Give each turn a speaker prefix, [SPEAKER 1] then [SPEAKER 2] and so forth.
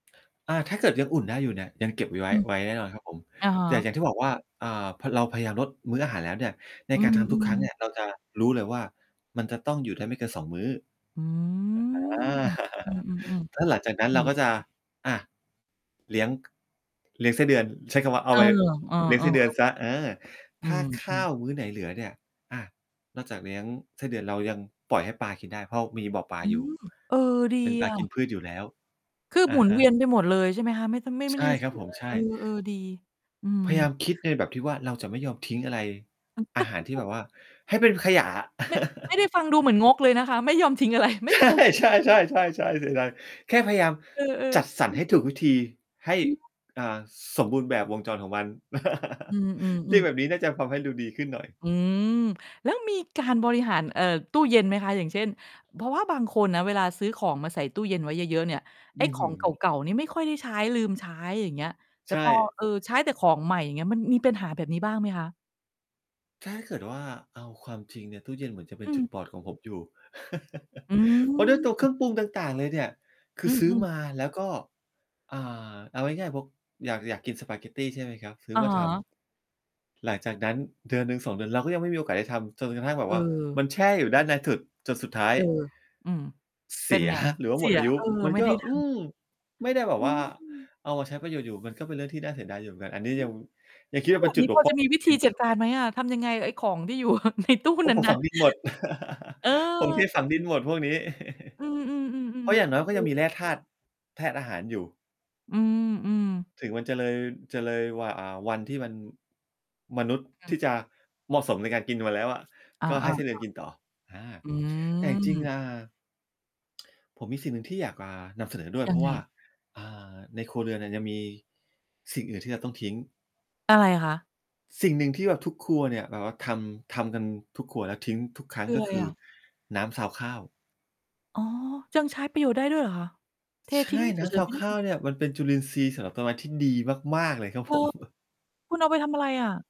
[SPEAKER 1] อา ถ้าเกิดยังอุ่นได้อยู่เนี่ย ยังเก็บ ว ไว
[SPEAKER 2] อ
[SPEAKER 1] ้
[SPEAKER 2] ืม
[SPEAKER 1] ไว้แน่นอนครับผม
[SPEAKER 2] อะฮ
[SPEAKER 1] แ
[SPEAKER 2] ะ
[SPEAKER 1] ต่อย่างที่บอกว่า อ่า พอเราพยายามลดมื้ออาหารแล้วเนี่ย ใน
[SPEAKER 2] อื
[SPEAKER 1] การทำทุกค
[SPEAKER 2] ม
[SPEAKER 1] รั้งเนี่
[SPEAKER 2] ๆ
[SPEAKER 1] ยเราจะรู้เลยว่า มันจะต้องอยู่ได้ไม่เกิน 2 มื้อ
[SPEAKER 2] อื
[SPEAKER 1] อ อา
[SPEAKER 2] ม อืม
[SPEAKER 1] ถ้
[SPEAKER 2] ๆ
[SPEAKER 1] าหลังจากนั
[SPEAKER 2] ๆ
[SPEAKER 1] ้
[SPEAKER 2] เท
[SPEAKER 1] น
[SPEAKER 2] ท
[SPEAKER 1] เราก็จะ
[SPEAKER 2] ิ้ง
[SPEAKER 1] อ่า เลี้ยง เลี้ยงไส้เดือน ใช้คำว่า เอ
[SPEAKER 2] เ
[SPEAKER 1] า
[SPEAKER 2] อ
[SPEAKER 1] ไ
[SPEAKER 2] อ
[SPEAKER 1] ป
[SPEAKER 2] เอ
[SPEAKER 1] เลี้ยงไส
[SPEAKER 2] อ
[SPEAKER 1] ้เดือน
[SPEAKER 2] ๆ
[SPEAKER 1] เสีย เออ
[SPEAKER 2] อ
[SPEAKER 1] ถ
[SPEAKER 2] ื
[SPEAKER 1] ้า
[SPEAKER 2] ม
[SPEAKER 1] ข
[SPEAKER 2] อื
[SPEAKER 1] ้า
[SPEAKER 2] ม
[SPEAKER 1] วมื้อไหนเหลือเนี่ย อ่า นอกจากเลี้ยงไส้เดือน เรายังปล่อยให้ปลากินได้ เพราะมีบ่อปลา
[SPEAKER 2] อื
[SPEAKER 1] อยู่
[SPEAKER 2] ม เออ ดี
[SPEAKER 1] เป็นปลา
[SPEAKER 2] อ
[SPEAKER 1] ก
[SPEAKER 2] ะ
[SPEAKER 1] ินพืชอยู่แล้ว
[SPEAKER 2] คืบ
[SPEAKER 1] อ
[SPEAKER 2] หม
[SPEAKER 1] ะ
[SPEAKER 2] ุน
[SPEAKER 1] ฮ
[SPEAKER 2] เว
[SPEAKER 1] ะ
[SPEAKER 2] ียนไปหมดเลย ใช่ไหมคะ? ไม่ ต ไม่ ไ
[SPEAKER 1] ใ
[SPEAKER 2] ม่
[SPEAKER 1] ช
[SPEAKER 2] ได้
[SPEAKER 1] ่
[SPEAKER 2] มี
[SPEAKER 1] คร
[SPEAKER 2] เส
[SPEAKER 1] ับ
[SPEAKER 2] ีย
[SPEAKER 1] ผ
[SPEAKER 2] เ
[SPEAKER 1] ม
[SPEAKER 2] ลย
[SPEAKER 1] ใช่
[SPEAKER 2] เออ เออ ดี อื
[SPEAKER 1] พยา
[SPEAKER 2] ม
[SPEAKER 1] ยามคิดในแบบที่ว่า เราจะไม่ยอมทิ้งอะไร อาหารที่แบบว่า ให้เป็นขยะอะ
[SPEAKER 2] แมะ ไม่ได้ฟังดูเหมือนงกเลยนะคะ ไม่ยอมทิ้ง อะไร ไม่
[SPEAKER 1] ใช
[SPEAKER 2] ได้
[SPEAKER 1] ่
[SPEAKER 2] ฟังคุณ [unintelligible]
[SPEAKER 1] ใช่ ๆ ๆ ๆ เสียดาย แค่พยายาม
[SPEAKER 2] เออ
[SPEAKER 1] จัดสร
[SPEAKER 2] ๆ อ
[SPEAKER 1] ร
[SPEAKER 2] ื
[SPEAKER 1] ให
[SPEAKER 2] ม
[SPEAKER 1] ้ถูกวิธี ให้
[SPEAKER 2] อืม
[SPEAKER 1] อ่า ส สมบูรณ์แบบวงจรของมัน
[SPEAKER 2] อื
[SPEAKER 1] เรีย
[SPEAKER 2] ม ๆ
[SPEAKER 1] ก
[SPEAKER 2] ๆ
[SPEAKER 1] แบบนี้น่าจะทำให้ดูดีขึ้น หน่อย
[SPEAKER 2] อืม แล้วมีการบริหาร เอ่อ ตู้เย็นไหมคะ? อย่างเช่น เพราะว่าบางคนนะ เวลาซื้อของมาใส่ตู้เย็นไว้เยอะ ๆ เนี่ย ไ
[SPEAKER 1] อ
[SPEAKER 2] อ้
[SPEAKER 1] ื้อ
[SPEAKER 2] ข
[SPEAKER 1] ฮ
[SPEAKER 2] อ
[SPEAKER 1] ื
[SPEAKER 2] ง
[SPEAKER 1] อ
[SPEAKER 2] เก่า ๆ นี่ไม่ค่อยได้ใช้ ลืมใช้ อย่างเงี้ย แต
[SPEAKER 1] ใช
[SPEAKER 2] ่ พอ
[SPEAKER 1] ่
[SPEAKER 2] เออ ใช้แต่ของใหม่ อย่างเงี้ย มันมีปัญหาแบบนี้บ้างไหมคะ?
[SPEAKER 1] ถ้าให้เกิดว่าเอาความจริงเนี่ย ตู้เย็นเหมือนจะเป็
[SPEAKER 2] อ
[SPEAKER 1] น
[SPEAKER 2] ื
[SPEAKER 1] จ
[SPEAKER 2] ม
[SPEAKER 1] ุดบอดของผมอยู่
[SPEAKER 2] อื
[SPEAKER 1] เพราะด้วยตัวเคร
[SPEAKER 2] ม
[SPEAKER 1] ื่องปรุงต่าง ๆ เลยเนี่ย คื
[SPEAKER 2] อื
[SPEAKER 1] อซื้อ
[SPEAKER 2] ม ๆ
[SPEAKER 1] มาแล้วก็ อ่า เอาง่าย ๆ พก อยาก อยากกินสปาเกตตี ใช่ไหมครับ ซื้
[SPEAKER 2] อ
[SPEAKER 1] อ
[SPEAKER 2] ะ
[SPEAKER 1] มา
[SPEAKER 2] ฮ
[SPEAKER 1] ท
[SPEAKER 2] ะ
[SPEAKER 1] ำ หลังจากนั้นเดือนหนึ่ง 2 เดือน เราก็ยังไม่มีโอกาสได้ทำ จนกระทั่งแบ
[SPEAKER 2] เอ
[SPEAKER 1] บว่า
[SPEAKER 2] อ
[SPEAKER 1] มันแช่อยู่ด้านในสุด จนสุดท้า
[SPEAKER 2] เ
[SPEAKER 1] ย
[SPEAKER 2] ออ อืม
[SPEAKER 1] เ
[SPEAKER 2] เ
[SPEAKER 1] ส
[SPEAKER 2] ป
[SPEAKER 1] ี
[SPEAKER 2] ็น
[SPEAKER 1] ย
[SPEAKER 2] ไง?
[SPEAKER 1] ครับหรือว่า
[SPEAKER 2] เส
[SPEAKER 1] หม
[SPEAKER 2] ี
[SPEAKER 1] ด
[SPEAKER 2] ย
[SPEAKER 1] อายุ
[SPEAKER 2] เออ
[SPEAKER 1] มัน
[SPEAKER 2] ไม่
[SPEAKER 1] ก็
[SPEAKER 2] ได้ดั
[SPEAKER 1] อื
[SPEAKER 2] ง
[SPEAKER 1] ม ไม่ได้แบบ
[SPEAKER 2] อื
[SPEAKER 1] ว่า
[SPEAKER 2] ม
[SPEAKER 1] เอามาใช้ประโยชน์ อยู่ มันก็เป็นเรื่องที่น่าเสียดายอยู่เหมือนกัน อันนี้
[SPEAKER 2] อื
[SPEAKER 1] ยั
[SPEAKER 2] ม
[SPEAKER 1] ง ยังคิด
[SPEAKER 2] แล้
[SPEAKER 1] ว่
[SPEAKER 2] ว
[SPEAKER 1] าเ
[SPEAKER 2] แ
[SPEAKER 1] ป
[SPEAKER 2] บ
[SPEAKER 1] ็น
[SPEAKER 2] บ
[SPEAKER 1] จุ
[SPEAKER 2] น
[SPEAKER 1] ด
[SPEAKER 2] ี้
[SPEAKER 1] บ
[SPEAKER 2] พ
[SPEAKER 1] ก
[SPEAKER 2] อ
[SPEAKER 1] พร่
[SPEAKER 2] จะ
[SPEAKER 1] อ
[SPEAKER 2] มีวิ
[SPEAKER 1] เ
[SPEAKER 2] ธ
[SPEAKER 1] อ
[SPEAKER 2] ี
[SPEAKER 1] งอ
[SPEAKER 2] จั
[SPEAKER 1] ย
[SPEAKER 2] ด
[SPEAKER 1] ู่
[SPEAKER 2] การไหมอะ? ทำยังไงกับไอ้ของที่ อยู่ในตู้
[SPEAKER 1] โอ๊ย
[SPEAKER 2] นั้
[SPEAKER 1] ผ
[SPEAKER 2] น
[SPEAKER 1] ม
[SPEAKER 2] น่
[SPEAKER 1] ฝ
[SPEAKER 2] ะ
[SPEAKER 1] ังดินหมด
[SPEAKER 2] เ
[SPEAKER 1] ผมเท
[SPEAKER 2] ออ
[SPEAKER 1] ฝังดินหมด พวกนี้
[SPEAKER 2] อื
[SPEAKER 1] เพ
[SPEAKER 2] ม
[SPEAKER 1] ราะ
[SPEAKER 2] ๆ
[SPEAKER 1] อย่
[SPEAKER 2] ๆ
[SPEAKER 1] างน้
[SPEAKER 2] ๆ ค
[SPEAKER 1] อยมันก็
[SPEAKER 2] ื
[SPEAKER 1] ยัง
[SPEAKER 2] อ
[SPEAKER 1] มีแร่ธาตุ ธาตุอาหารอยู่
[SPEAKER 2] อืม ๆ
[SPEAKER 1] ถึงมันจะเลย จะเลยหว่า อ่า วันที่มัน มนุษย์
[SPEAKER 2] อื
[SPEAKER 1] ท
[SPEAKER 2] ม
[SPEAKER 1] ี่จะเหมาะสมในการกินมันแล้วอะ
[SPEAKER 2] อา
[SPEAKER 1] ก็
[SPEAKER 2] อ
[SPEAKER 1] ให
[SPEAKER 2] า
[SPEAKER 1] ้ไส้เ
[SPEAKER 2] ค
[SPEAKER 1] ดื
[SPEAKER 2] ่ะ
[SPEAKER 1] อนกินต่อ อา
[SPEAKER 2] อื
[SPEAKER 1] แต่จริง ๆ
[SPEAKER 2] ม
[SPEAKER 1] อ่า ผมมีสิ่งหนึ่งที่อยาก อ่า นำเสนอด้วย
[SPEAKER 2] ยั
[SPEAKER 1] เพร
[SPEAKER 2] ง
[SPEAKER 1] าะ
[SPEAKER 2] ไง?
[SPEAKER 1] ว่า อ่า ในครัวเรือนเนี่ยยังมี สิ่งอื่นที่เราต้องทิ้ง
[SPEAKER 2] อะไรคะ?
[SPEAKER 1] สิ่งหนึ่งที่แบบทุกครัวเนี่ย แบบว่าทำ ทำกันทุกครัวแล้วทิ้งทุกครั้
[SPEAKER 2] ค
[SPEAKER 1] ง
[SPEAKER 2] ือ
[SPEAKER 1] ก็
[SPEAKER 2] ไร
[SPEAKER 1] คื
[SPEAKER 2] อ
[SPEAKER 1] อ
[SPEAKER 2] ะ?
[SPEAKER 1] น้ำซาวข้าว
[SPEAKER 2] อ๋อ ยังใช้ประโยชน์ได้ด้วยเหรอคะ? เท
[SPEAKER 1] ใช
[SPEAKER 2] ทิ้
[SPEAKER 1] ่
[SPEAKER 2] ง เฉ
[SPEAKER 1] น้ำซ
[SPEAKER 2] ย ๆ
[SPEAKER 1] า
[SPEAKER 2] ไม
[SPEAKER 1] ว
[SPEAKER 2] ่ไ
[SPEAKER 1] ข
[SPEAKER 2] ด
[SPEAKER 1] ้า
[SPEAKER 2] ้
[SPEAKER 1] วเนี่ย มันเป็นจุลินทรีย์สำหรับต้นไม้ที่ดีมาก ๆ เลยครับ
[SPEAKER 2] เออ
[SPEAKER 1] ผม
[SPEAKER 2] คุณเอาไปทำอะไรอะ?